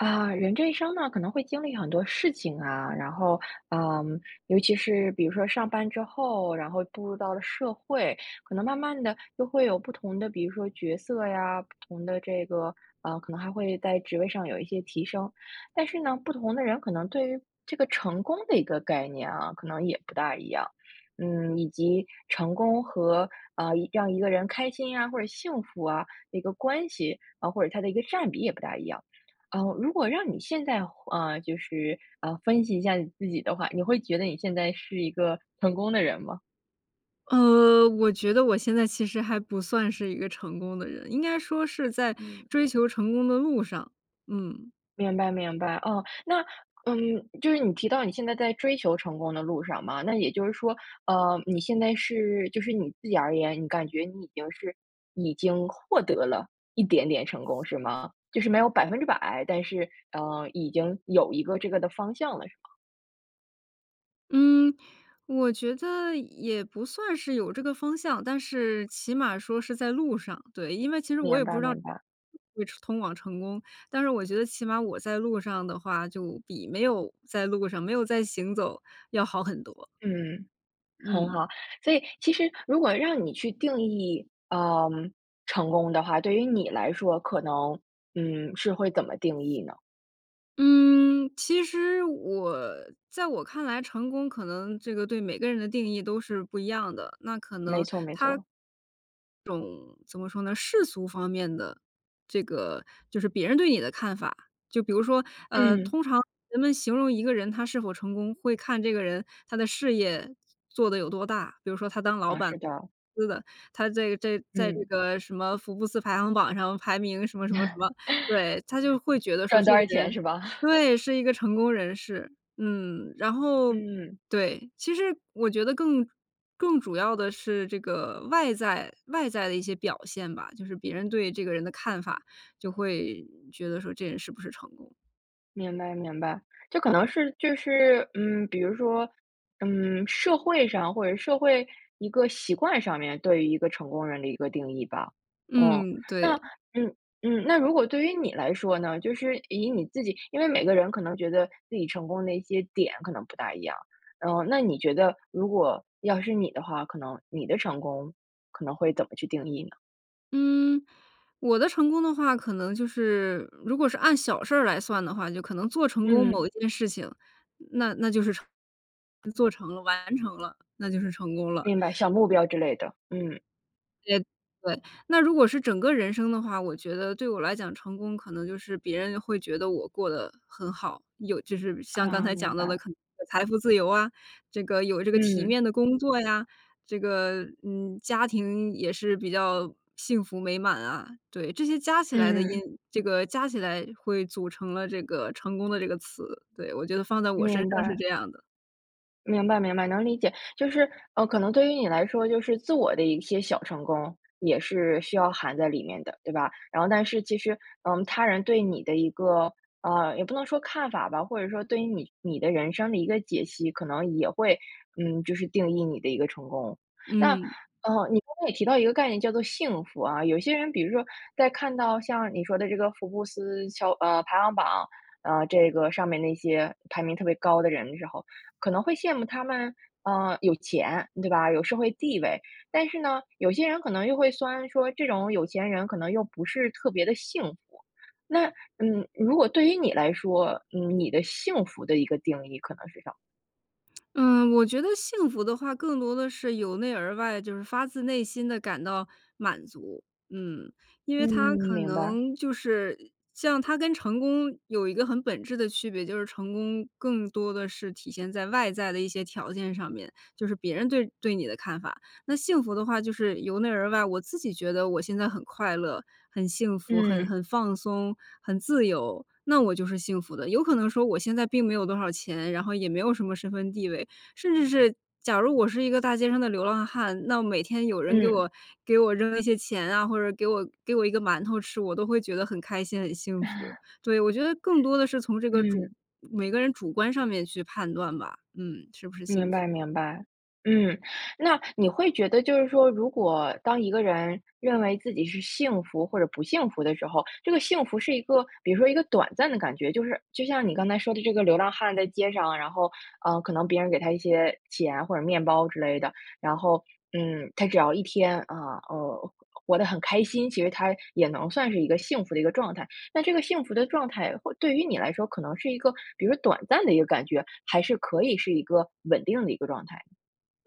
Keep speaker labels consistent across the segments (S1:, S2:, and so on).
S1: 啊，人这一生呢，可能会经历很多事情，啊，然后，嗯，尤其是比如说上班之后，然后步入到了社会，可能慢慢地就会有不同的，比如说角色呀，不同的这个呃，可能还会在职位上有一些提升，但是呢，不同的人可能对于这个成功的一个概念啊，可能也不大一样，嗯，以及成功和，啊，一让一个人开心啊，或者幸福啊，一个关系，啊，或者它的一个占比也不大一样。啊，如果让你现在回啊，就是，啊，分析一下你自己的话，你会觉得你现在是一个成功的人吗？
S2: 呃，我觉得我现在其实还不算是一个成功的人，应该说是在
S1: 嗯。
S2: 追求成功的路上，嗯。
S1: 明白明白，哦，那，嗯，就是你提到你现在在追求成功的路上嘛，那也就是说，呃，你现在是就是你自己而言，你感觉你已经是已经获得了一点点成功是吗？就是没有100%，但是，呃，已经有一个这个的方向了，是吗？
S2: 嗯，我觉得也不算是有这个方向，但是起码说是在路上，对，因为其实我
S1: 明
S2: 也不
S1: 白
S2: 知道
S1: 明白。
S2: 会通往成功，但是我觉得起码我在路上的话就比没有在路上，没有在行走要好很多。
S1: 嗯，很
S2: 嗯。
S1: 好，所以其实如果让你去定义，呃，成功的话，对于你来说，可能，嗯，是会怎么定义呢？
S2: 嗯，其实我在我看来，成功可能这个对每个人的定义都是不一样的，那可
S1: 没
S2: 能
S1: 错没
S2: 它
S1: 错。
S2: 这种怎么说呢，世俗方面的这个就是别人对你的看法，就比如说，呃，
S1: 嗯。
S2: 通常人们形容一个人他是否成功，会看这个人他的事业做得有多大，比如说他当老
S1: 啊，
S2: 板
S1: 是的。
S2: 司的，他这个这个在这
S1: 嗯。
S2: 个什么福布斯排行榜上排名什么什么什么，对，他就会觉得 说
S1: 赚
S2: 这
S1: 多
S2: 个
S1: 少钱
S2: 人
S1: 是吧？
S2: 对，是一个成功人士，嗯，然后
S1: 嗯。
S2: 对，其实我觉得更更主要的是这个外在外在的一些表现吧，就是别人对这个人的看法，就会觉得说这人是不是成功。
S1: 明白明白，这可能是，就是，嗯，比如说，嗯，社会上或者是社会一个习惯上面对于一个成功人的一个定义吧。哦，
S2: 嗯，
S1: 那，
S2: 对。
S1: 嗯嗯。那如果对于你来说呢，就是以你自己因为每个人可能觉得自己成功的一些点可能不大一样。然后那你觉得如果要是你的话，可能你的成功，可能会怎么去定义呢？
S2: 嗯，我的成功的话，可能就是如果是按小事儿来算的话，就可能做成功
S1: 嗯。
S2: 某一件事情，那那就是成做成了，完成了，那就是成功了。
S1: 明白，小目标之类的，嗯。
S2: 呃，对，那如果是整个人生的话，我觉得对我来讲成功可能就是别人会觉得我过得很好，有就是像刚
S1: 啊，
S2: 才
S1: 明
S2: 讲到的
S1: 白。
S2: 可能是财富自由啊，这个有这个体
S1: 嗯。
S2: 面的工作呀，这个，嗯，家庭也是比较幸福美满啊，对，这些加起来的因
S1: 嗯。
S2: 这个加起来会组成了这个成功的这个词，对，我觉得放在我身
S1: 明
S2: 上是
S1: 白。
S2: 这样的。
S1: 明白明白，能理解，就是呃，可能对于你来说，就是自我的一些小成功，也是需要含在里面的，对吧？然后但是其实，嗯，他人对你的一个呃，也不能说看法吧，或者说对于你你的人生的一个解析，可能也会，嗯，就是定义你的一个成功。那，
S2: 嗯。
S1: 呃，你刚才也提到一个概念叫做幸福啊，有些人比如说，在看到像你说的这个福布斯乔呃，排行榜，呃，这个上面那些排名特别高的人的时候，可能会羡慕他们，呃，有钱对吧，有社会地位。但是呢，有些人可能又会酸说，这种有钱人可能又不是特别地幸福。那嗯，如果对于你来说，嗯，你的幸福的一个定义可能是什么？
S2: 嗯，我觉得幸福的话，更多的是由内而外，就是发自内心地感到满足。嗯，因
S1: 嗯，
S2: 为它可
S1: 明白。
S2: 能就是像它跟成功有一个很本质的区别，就是成功更多地是体现在外在的一些条件上面，就是别人对对你的看法。那幸福的话就是由内而外，我自己觉得我现在很快乐、很幸福、很
S1: 嗯。
S2: 很放松、很自由，那我就是幸福的。有可能说我现在并没有多少钱，然后也没有什么身份地位，甚至是假如我是一个大街上的流浪汉，那每天有人给
S1: 嗯。
S2: 我给我扔了一些钱啊，或者给我给我一个馒头吃，我都会觉得很开心，很幸福。对，我觉得更多的是从这个主
S1: 嗯。
S2: 每个人主观上面去判断吧。嗯，是不是幸
S1: 明
S2: 福。
S1: 白明白，嗯。那你会觉得就是说，如果当一个人认为自己是幸福或者不幸福的时候，这个幸福是一个，比如说一个短暂的感觉，就是就像你刚才说的这个流浪汉在街上，然后呃，可能别人给他一些钱或者面包之类的，然后，嗯，他只要一天啊，呃，活得很开心，其实他也能算是一个幸福的一个状态。那这个幸福的状态或对于你来说，可能是一个比如说短暂的一个感觉，还是可以是一个稳定的一个状态？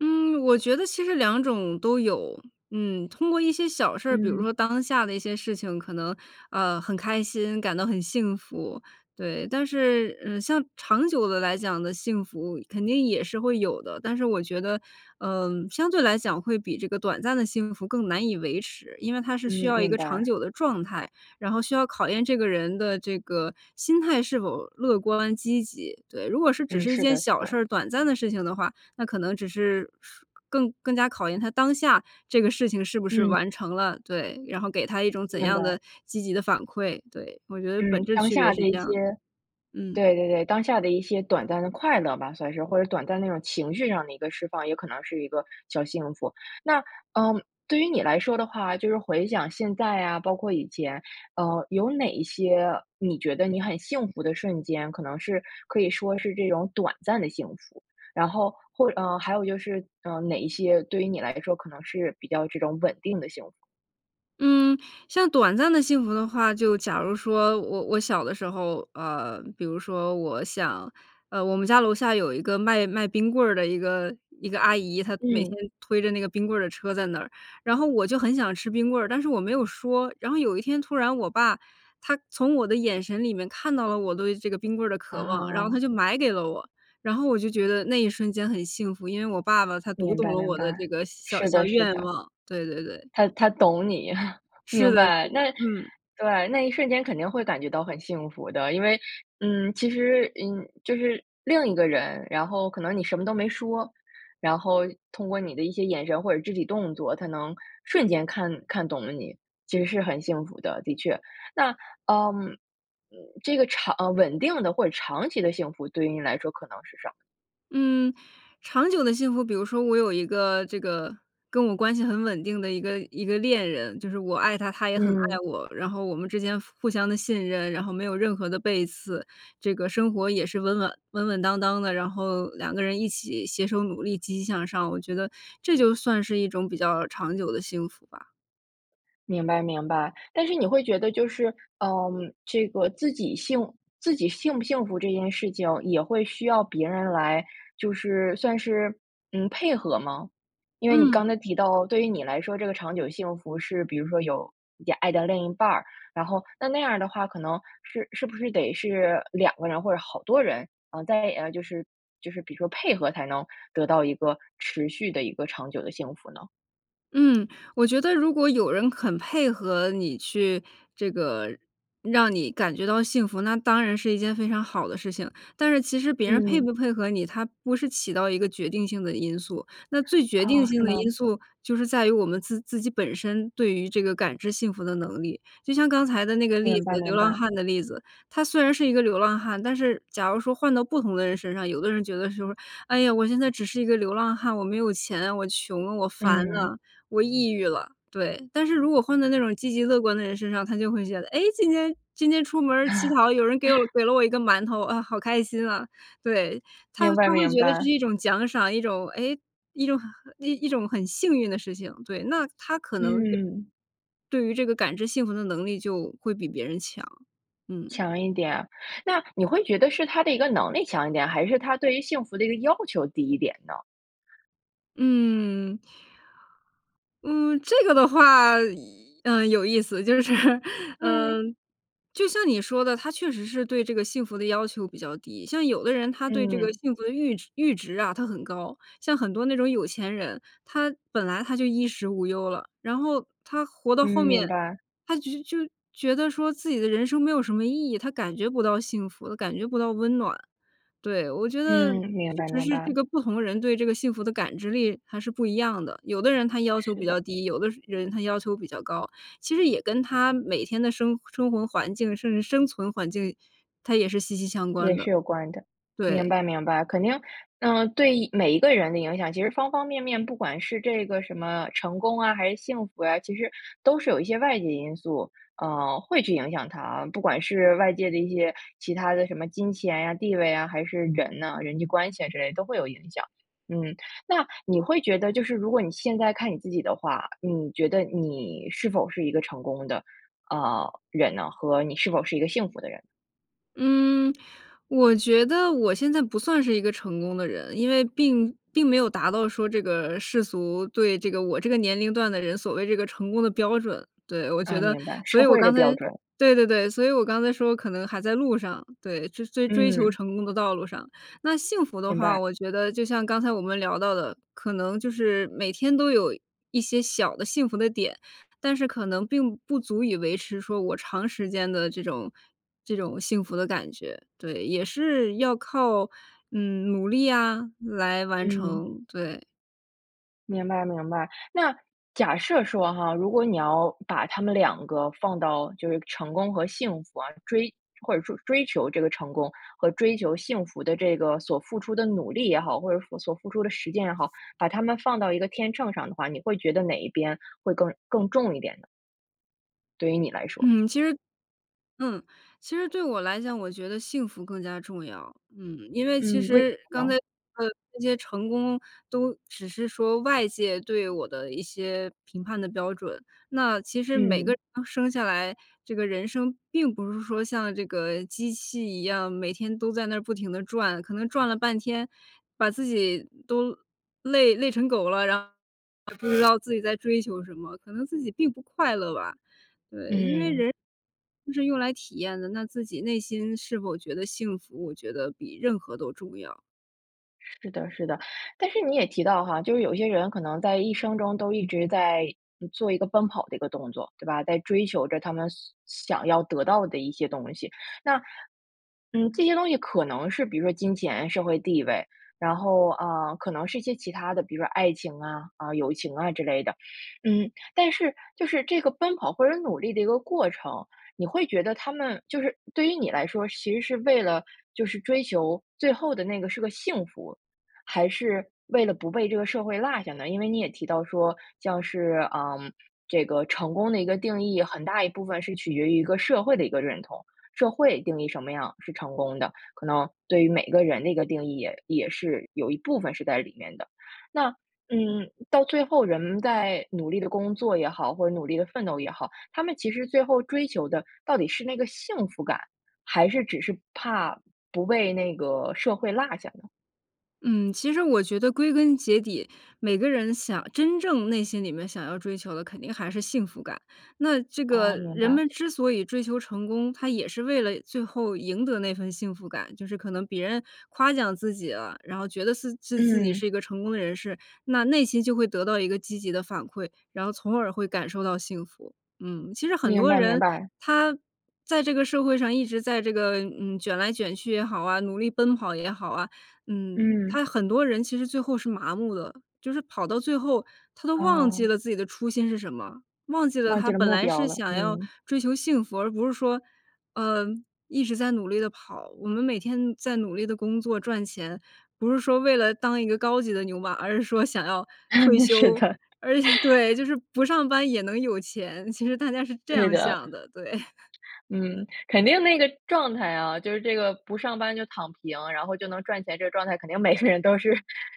S2: 嗯，我觉得其实2种都有。嗯，通过一些小事儿，比如说
S1: 嗯。
S2: 当下的一些事情可能，呃，很开心，感到很幸福，对。但是，嗯，像长久地来讲地幸福肯定也是会有的，但是我觉得，嗯，相对来讲会比这个短暂的幸福更难以维持，因为它是需
S1: 嗯，
S2: 要一
S1: 明
S2: 个长
S1: 白。
S2: 久的状态，然后需要考验这个人的这个心态是否乐观、积极，对。如果是只
S1: 嗯，
S2: 是1
S1: 是
S2: 件
S1: 的是
S2: 小事
S1: 的。
S2: 儿，短暂的事情的话，那可能只是 更更加考验他当下这个事情是不是
S1: 嗯。
S2: 完成了，对。然后给他一种怎
S1: 明
S2: 样
S1: 白。
S2: 的积极的反馈，对。我觉得本
S1: 嗯，
S2: 质
S1: 当
S2: 区别
S1: 下的
S2: 是
S1: 一
S2: 这
S1: 些
S2: 样的，嗯。
S1: 对对对。当下的一些短暂的快乐吧，算是，或者短暂的那种情绪上的一个释放，也可能是一个小幸福。那，呃，对于你来说的话，就是回想现在呀，包括以前，呃，有哪一些你觉得你很幸福的瞬间？可能是可以说是这种短暂的幸福？然后，或呃，还有就是呃，哪一些对于你来说可能是比较这种稳定的幸福？
S2: 嗯，像短暂的幸福的话，就假如说我我小的时候，呃，比如说我想呃，我们家楼下有一个卖卖冰棍儿的一个一个阿姨，她每天
S1: 嗯。
S2: 推着那个冰棍儿的车在那儿。然后我就很想吃冰棍儿，但是我没有说。然后有一天突然我爸他从我的眼神里面看到了我对这个冰棍儿的渴望，然后他
S1: 啊。
S2: 就买给了我。然后我就觉得那一瞬间很幸福，因为我爸爸他读
S1: 明
S2: 懂
S1: 白
S2: 了
S1: 明
S2: 我的这
S1: 白，
S2: 个小
S1: 是
S2: 小
S1: 的是
S2: 愿
S1: 的。
S2: 望。对对对。
S1: 他他懂你，
S2: 是
S1: 明
S2: 的是
S1: 白。
S2: 的，
S1: 那，
S2: 嗯。
S1: 对，那一瞬间肯定会感觉到很幸福的。因为，嗯，其实，嗯，就是另一个人，然后可能你什么都没说，然后通过你的一些眼神或者肢体动作他能瞬间看看懂了你，其实是很幸福的，的确。那，呃这个，长稳定的或者长期的幸福，对于你来说可能是什么？
S2: 嗯，长久的幸福比如说我有一个这个跟我关系很稳定的一个一个恋人，就是我爱他，他也很爱
S1: 嗯。
S2: 我。然后我们之间互互相的信任，然后没有任何的背刺，这个生活也是稳稳稳稳当当的。然后两个人一起携手努力、积极向上，我觉得这就算是一种比较长久的幸福吧。
S1: 明白明白，但是你会觉得就是，呃，这个自己幸自己幸不幸福这件事情也会需要别人来，就是算是，嗯，配合吗？因为你刚
S2: 嗯。
S1: 才提到，对于你来说，这个长久幸福是比如说有爱的另一半儿，然后那那样儿的话，可能是是不是得是2个人或者好多人，嗯，在就是就是比如说配合才能得到一个持续的一个长久的幸福呢？
S2: 嗯，我觉得如果有人肯配合你去这个让你感觉到幸福，那当然是一件非常好的事情，但是其实别人配
S1: 嗯。
S2: 不配合你，它不是起到一个决定性的因素，那最决定
S1: 哦，
S2: 性
S1: 是
S2: 的
S1: 吗？
S2: 因素就是在于我们自自己本身对于这个感知幸福的能力。就像刚才的那个例
S1: 明白
S2: 子，流
S1: 明
S2: 浪
S1: 白。
S2: 汉的例子，他虽然是一个流浪汉，但是假如说换到不同的人身上，有的人觉得说哎呀，我现在只是一个流浪汉，我没有钱，我穷了、我烦
S1: 嗯。
S2: 了、我抑郁了，对。但是如果换在那种积极乐观的人身上，他就会觉得，哎，今天今天出门儿乞讨，有人给我 给了我一个馒头，啊好开心啊，对，他
S1: 明白
S2: 他会
S1: 明
S2: 觉得这是
S1: 白。
S2: 一种奖赏，一种哎一种呃一种很幸运的事情。对，那他可能对
S1: 嗯。
S2: 对于这个感知幸福的能力就会比别人强。嗯。
S1: 强一点儿。那你会觉得是他的一个能力强一点，还是他对于幸福的一个要求低一点呢？
S2: 嗯。嗯，这个的话，呃，有意思。就是，呃，
S1: 嗯。
S2: 就像你说的，他确实是对这个幸福的要求比较低。像有的人他对这个
S1: 嗯。
S2: 幸福的阈阈值啊，他很高。像很多那种有钱人，他本来他就衣食无忧了，然后他活到
S1: 嗯，
S2: 后
S1: 明
S2: 面，
S1: 白。
S2: 他就就觉得说自己的人生没有什么意义，他感觉不到幸福，感觉不到温暖。对，我觉得
S1: 嗯，明白，
S2: 确实
S1: 明
S2: 是，这
S1: 白。
S2: 个不同人对这个幸福的感知力还是不一样的。有的人他要求
S1: 是
S2: 比
S1: 的。
S2: 较低，有的人他要求比较高，其实也跟他每天的生生活环境，甚至生存环境，它也是息息相关
S1: 也
S2: 的。
S1: 是有关的。明
S2: 对。
S1: 白，明白。肯定，嗯，对每一个人的影响，其实方方面面。不管是这个什么成功啊，还是幸福呀，其实都是有一些外界因素，呃，会去影响他。不管是外界的一些其他的什么金钱呀、地位啊，还是人呐、人际关系啊之类的都会有影响。嗯，那你会觉得，就是如果你现在看你自己的话，你觉得你是否是一个成功的，呃，人呢？和你是否是一个幸福的人？
S2: 嗯，我觉得我现在不算是一个成功的人。因为并并没有达到说这个世俗对这个我这个年龄段的人所谓这个成功的标准，对。我觉
S1: 啊，
S2: 得，
S1: 明白，
S2: 所
S1: 社
S2: 以我
S1: 会的
S2: 刚才，
S1: 标准。
S2: 对对对，所以我刚才说可能还在路上，对。追追追求
S1: 嗯。
S2: 成功的道路上，那幸福的
S1: 明
S2: 话，
S1: 白。
S2: 我觉得就像刚才我们聊到的，可能就是每天都有一些小的幸福的点，但是可能并不足以维持说我长时间的这种这种幸福的感觉，对。也是要靠，嗯，努力呀来完
S1: 嗯。
S2: 成，对。
S1: 明白，明白，那假设说哈，如果你要把它们两个放到就是成功和幸福啊，追或者说追求这个成功和追求幸福的这个所付出的努力也好，或者所付出的实践也好，把它们放到一个天秤上的话，你会觉得哪一边会更更重一点呢？对于你来说。
S2: 嗯，其实，嗯。其实对我来讲，我觉得幸福更加重要。嗯，因为其
S1: 嗯，为什
S2: 实
S1: 么
S2: 刚才
S1: 呢？
S2: 这些成功都只是说外界对我的一些评判的标准，那其实每个
S1: 嗯。
S2: 人生下来，这个人生并不是说像这个机器一样，每天都在那儿不停地转，可能转了半天，把自己都累累成狗了，然后不知道自己在追求什么，可能自己并不快乐吧。对，因为
S1: 嗯。
S2: 人 是用来体验的，那自己内心是否觉得幸福，我觉得比任何都重要。
S1: 是的是的，但是你也提到哈，就是有一些人可能在一生中都一直在做一个奔跑的一个动作，对吧？在追求着他们想想要得到的一些东西，那，嗯，这些东西可能是比如说金钱、社会地位，然后，呃，可能是一些其它的，比如说爱情啊，啊，友情啊之类的。嗯，但是就是这个奔跑或者努力的一个过程，你会觉得他们就是对于你来说，其实是为了就是追求最后的那个是个幸福，还是为了不被这个社会落下呢？因为你也提到说像是，呃，这个成功的一个定义，很大一部分是取决于一个社会的一个认同。社会定义什么样是成功的，可能对于每个人的一个定义也也是有一部分是在里面的，那，嗯，到最后人们在努力地工作也好，或者努力地奋斗也好，他们其实最后追求的到底是那个幸福感，还是只是怕不被那个社会落下呢？
S2: 嗯，其实我觉得归根结底，每个人想真正内心里面想要追求的肯定还是幸福感。那这个
S1: 哦，明
S2: 人
S1: 白。
S2: 们之所以追求成功，他也是为了最后赢得那份幸福感，就是可能别人夸奖自己了，然后觉得自自己是
S1: 嗯。
S2: 一个成功人士，那内心就会得到一个积极的反馈，然后从而会感受到幸福。嗯，其实很
S1: 明
S2: 多
S1: 白，明
S2: 人，
S1: 白。
S2: 他在这个社会上一直在这个，嗯，卷来卷去也好啊，努力奔跑也好啊，嗯，
S1: 嗯。
S2: 他很多人其实最后是麻木的，就是跑到最后他都忘记
S1: 哦。
S2: 了自己的初心是什么，忘记了
S1: 忘
S2: 他
S1: 记了
S2: 本
S1: 目
S2: 来
S1: 标
S2: 是
S1: 了，
S2: 想要
S1: 嗯。
S2: 追求幸福，而不是说，嗯，一直在努力地跑，我们每天在努力地工作赚钱，不是说为了当一个高级的牛马，而是说想要退
S1: 是
S2: 休，
S1: 的。
S2: 而且对，就是不上班也能有钱，其实大家是这
S1: 是
S2: 样
S1: 的。
S2: 想的，对。
S1: 嗯，肯定那个状态啊，就是这个不上班就躺平，然后就能赚钱，这个状态肯定每个人都是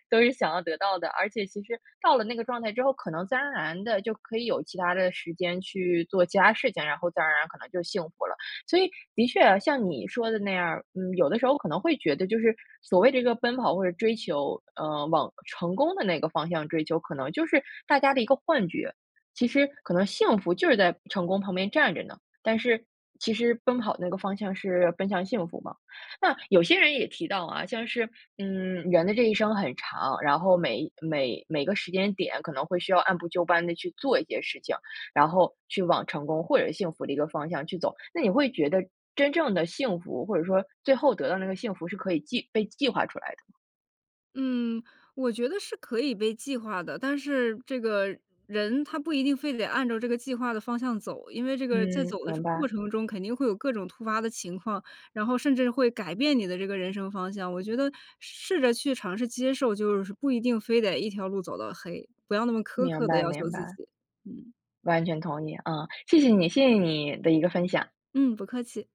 S1: 都是想要得到的，而且其实到了那个状态之后，可能自然而然地就可以有其它的时间去做其它事情，然后自然而然可能就幸福了。所以的确像你说的那样儿，嗯，有的时候可能会觉得就是所谓这个奔跑或者追求，呃，往成功的那个方向追求，可能就是大家的一个幻觉，其实可能幸福就是在成功旁边站着呢，但是其实奔跑那个方向是奔向幸福嘛。那有些人也提到啊，像是，嗯，人的这一生很长，然后每每每个时间点可能会需要按部就班地去做一些事情，然后去往成功或者幸福的一个方向去走，那你会觉得真正的幸福，或者说最后得到那个幸福是可以计被计划出来的吗？
S2: 嗯，我觉得是可以被计划的，但是这个人他不一定非得按照这个计划的方向走，因为这个在
S1: 嗯，
S2: 走的
S1: 明
S2: 过
S1: 白。
S2: 程中肯定会有各种突发的情况，然后甚至会改变你的这个人生方向，我觉得试着去尝试接受，就是不一定非得1条路走到黑，不要那么苛
S1: 明
S2: 刻地
S1: 白，
S2: 要求
S1: 明
S2: 自
S1: 白。
S2: 己。嗯。
S1: 完全同意啊，谢谢你，谢谢你的一个分享。
S2: 嗯，不客气。